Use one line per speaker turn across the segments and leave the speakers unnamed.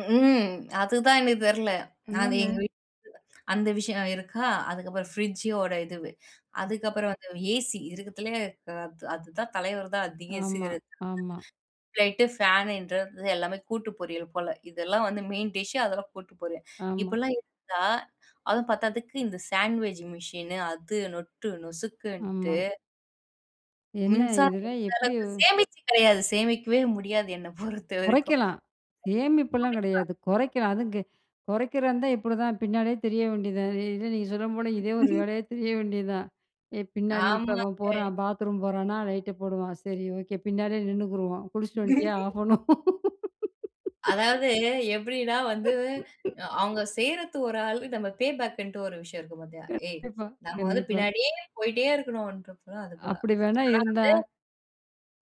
ம் அதுதான் எனக்கு தெரியல.
அங்க
அது
என்ன?
எங்க வீட்ல அந்த விஷயம் இருக்கா! அதுக்கப்புறம் ஃப்ரிட்ஜோட இது, அதுக்கப்புறம் வந்து ஏசி இருக்கிறதுலயே அத் அதுதான் தலைவர் தான் அதிகம்
ஆமா.
சிகரெட்
ஆமா.
[unintelligible] ளைட் ஃபேன்றது எல்லாமே கூட்டு பொரியல் போல. இதெல்லாம் வந்து மெயின் டிஷ், அதெல்லாம் கூட்டு பொரியல்.
ஆமா.
இப்படிலாம் இருந்தா, அதுவும் பத்தாததுக்கு இந்த சாண்ட்வேஜ் மிஷின் அது நொட்டு நொசுக்குன்ட்டு
ஆமா. என்ன
மின்சாரம்
இதெல்லாம்
எந்த
எப்படி?
அளவுக்கு சேமிச்சு கிடையாது. சேமிக்கவே முடியாது என்ன பொறுத்தவரைக்கும்.
குறைக்கலாம். சேமிப்பெல்லாம்
[unintelligible] குறைக்கலாம்.
கிடையாது. குறைக்கலாம் அதுவும் கெ குறைக்கிறந்தா இப்படிதான் பின்னாடியே திரிய வேண்டியதுதான். இல்ல நீங்க சொன்ன போல, இதே ஒரு வேலையா திரிய வேண்டியது தான். ஏ பின்னாடி நீ இப்போ அவன்
ஆமாங்க.
போறான் பாத்ரூம் போறானா லைட்ட போடுவான், சரி ஓகே பின்னாடியே நின்னுக்குருவோம் குளிச்சிட்டு வந்துட்டியா, ஆப் பண்ணணும்.
அதாவது எப்படினா வந்து, அ அவங்க செய்றது ஒரு ஆள், நம்ம பே பேக்ன்ட்டு ஒரு விஷயம் இருக்கு பாத்தியா? ஏய்!
கண்டிப்பா,
நம்ம வந்து
கண்டிப்பா.
பின்னாடியே போயிட்டே இருக்கணுன்ட்றது அது போல. ஆனா
அப்படி வேணா இருந்தா
வந்து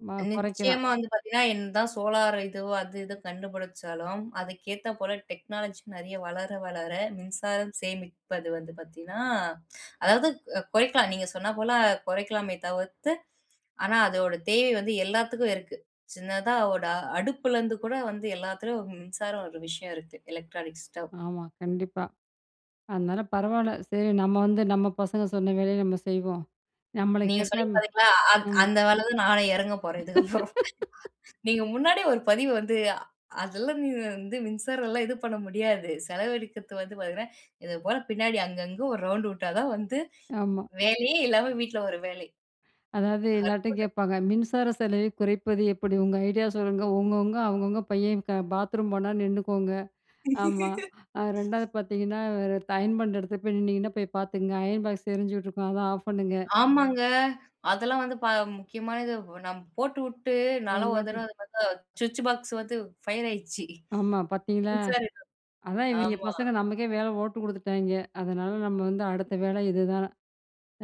மா குறைக்கலாம்
நிச்சயமா வந்து பார்த்தீங்கன்னா, என்ன தான் சோலார் இது அது இது கண்டுபிடிச்சாலும், அதுக்கு ஏத்த போல டெக்னாலஜி நிறைய வளர வளர மின்சாரம் சேமிப்பது வந்து பார்த்தீங்கனா, அதாவது குறைக்கலாம். நீங்க சொன்னா போல குறைக்கலாமே தவிர்த்து, ஆனா அதோட தேவை வந்து எல்லாத்துக்கும் இருக்கு. சின்னதா ஓட அடுப்புல இருந்து கூட வந்து எல்லாத்திலும் மின்சாரம் ஒரு விஷயம் இருக்கு. Electronic stove.
ஆமா கண்டிப்பா. அதனால பரவாயில்ல, சரி நம்ம வந்து நம்ம பசங்க சொன்ன வேலைய நம்ம செய்வோம் நம்மள
நீங்க
கேட்டா
சொன்னீங்க பாத்தீங்களா, அந்
ம்.
அந்த வேலை தான் நானே இறங்க போறேன் இதுக்கு அப்புறம். நீங்க முன்னாடியே ஒரு பதிவு வந்து அதெல்லாம் வந்து மின்சாரம் எல்லாம் இது பண்ண முடியாது. செலவழிக்கிறது வந்து பாத்தீங்கன்னா, இது போல பின்னாடி அங்கங்க ஒரு ரவுண்ட் விட்டா தான் வந்து,
ஆமா.
வேலையே இல்லாம வீட்ல ஒரு வேலை.
அதாவது எல்லார்ட்டயும்
அற்புதம்!
கேட்பாங்க மின்சார செலவை குறைப்பது எப்படி? உங்க ஐடியா சொல்லுங்க, உங்கவங்க அவங்கவங்க பையன் பாத்ரூம் போனா நின்னுக்கோங்க. ஆமா. 2ஆவது பார்த்தீங்கன்னா, அயன் பண்ற இடத்துல போய் நின்னிங்கன்னா போய் பார்த்துக்கோங்க, அயன் பாக்ஸ் எரிஞ்சுட்ருக்கும். அத ஆஃப் பண்ணுங்க.
ஆமாங்க. அதெல்லாம் வந்து ப முக்கியமான இது நம்ம போட்டுவிட்டு நா ஒரு
[unintelligible]
தடவ அதுமாரி தான், ஸ்விட்ச் பாக்ஸ் வந்து ஃபயர் ஆயிடுச்சி.
ஆமா பார்த்தீங்களா?
[unintelligible]
அதா இவிங்க
ஆமா.
பசங்க நமக்கே வேலை ஓட்டு குடுத்துட்டாங்க. அதனால நம்ம வந்து அடுத்த வேலை இதுதான்.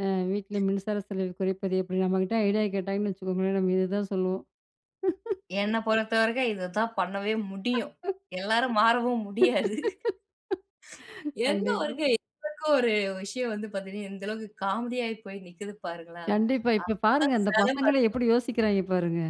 ஆ வீட்ல மின்சார செலவு குறைப்பது எப்படி? நம்மகிட்ட ஐடியா கேட்டாங்கன்னு வச்சுக்கோங்களேன் நம்ம இதுதான் சொல்லுவோம்
என்ன பொறுத்தவரைக்கும் இததான் பண்ணவே முடியும். எல்லாரும் மாறவும் முடியாது. எந்த
கண்டிப்பா.
வொர்க் என்ன ஒரு விஷயம் வந்து பாத்தீங்கன்னா, இந்த அளவுக்கு காமெடி ஆகி போய் நிக்குது பாருங்களேன்.
கண்டிப்பா இப்போ பாருங்க,
ஆகமொத்தம்
அந்த
செலவு
பசங்களே
அதிகம்.
எப்படி யோசிக்கிறாங்க பாருங்க!